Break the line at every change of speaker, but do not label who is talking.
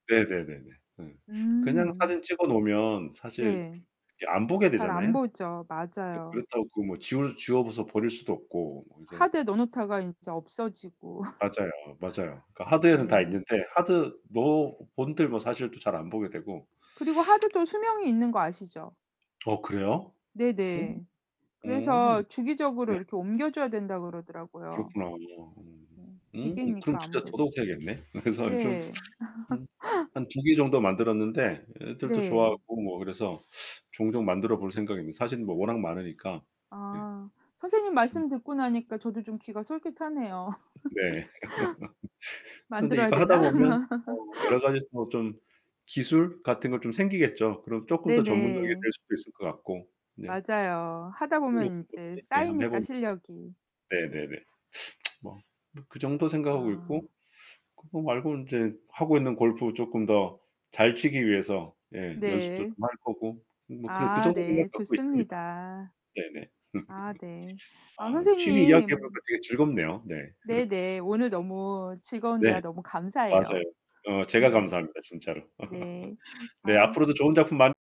네네네네. 음. 그냥
음.
사진 찍어 놓으면 사실
네.
이게 안 보게
잘 안
되잖아요.
보죠.
그
맞아요.
그렇다고 그 뭐 지워 지워서 버릴 수도 없고 뭐 그래서
하드에 넣어 놓다가 이제 없어지고.
맞아요, 맞아요. 그러니까 하드에는 다
네.
있는데 하드로 본들 뭐 사실 또 잘 안 보게 되고
그리고 하드도 수명이 있는 거 아시죠?
어 그래요? 오.
네네.
오.
그래서 주기적으로
네.
이렇게 옮겨 줘야 된다 그러더라고요.
그렇구나. 음.
음.
음, 그럼
기계니까
진짜
아무래도.
더더욱 해야겠네. 그래서요 좀
네.
음 한 2 개 정도 만들었는데 애들도
네.
좋아하고 뭐 그래서 종종 만들어 볼 생각입니다. 사실은 뭐 워낙 많으니까 예.
아, 선생님
음.
말씀 듣고 나니까 저도 좀 귀가 솔깃하네요.
네. 근데
만들어야
이거 하다
되나?
보면 어우 여러 가지 뭐 좀 기술 같은 거 좀 생기겠죠. 그럼 쪼끔 더 전문적이게
네네.
될 수도 있을 것 같고. 네.
맞아요. 하다
큰
보면
욕심도
인제
없이 예, 한번 해
쌓이니까
보려고.
실력이.
네네네. 뭐 그 정도 생각하고 있고
아.
그거 말고는 이제 하고 있는 골프 쪼끔 더 잘 치기 위해서 예, 연습도
네.
좀 할 거고 음 뭐 그래 그
아,
정도
네,
생각 갖고 있습니다.
좋습니다.
네네.
아 네. 아
아, 취미 이야기해
선생님
보니까 되게 즐겁네요. 네.
네네. 오늘 너무 즐거운 대화
네.
너무
맞아요.
감사해요.
어 제가 감사합니다, 진짜로.
네.
네,
아.
앞으로도 좋은 작품 많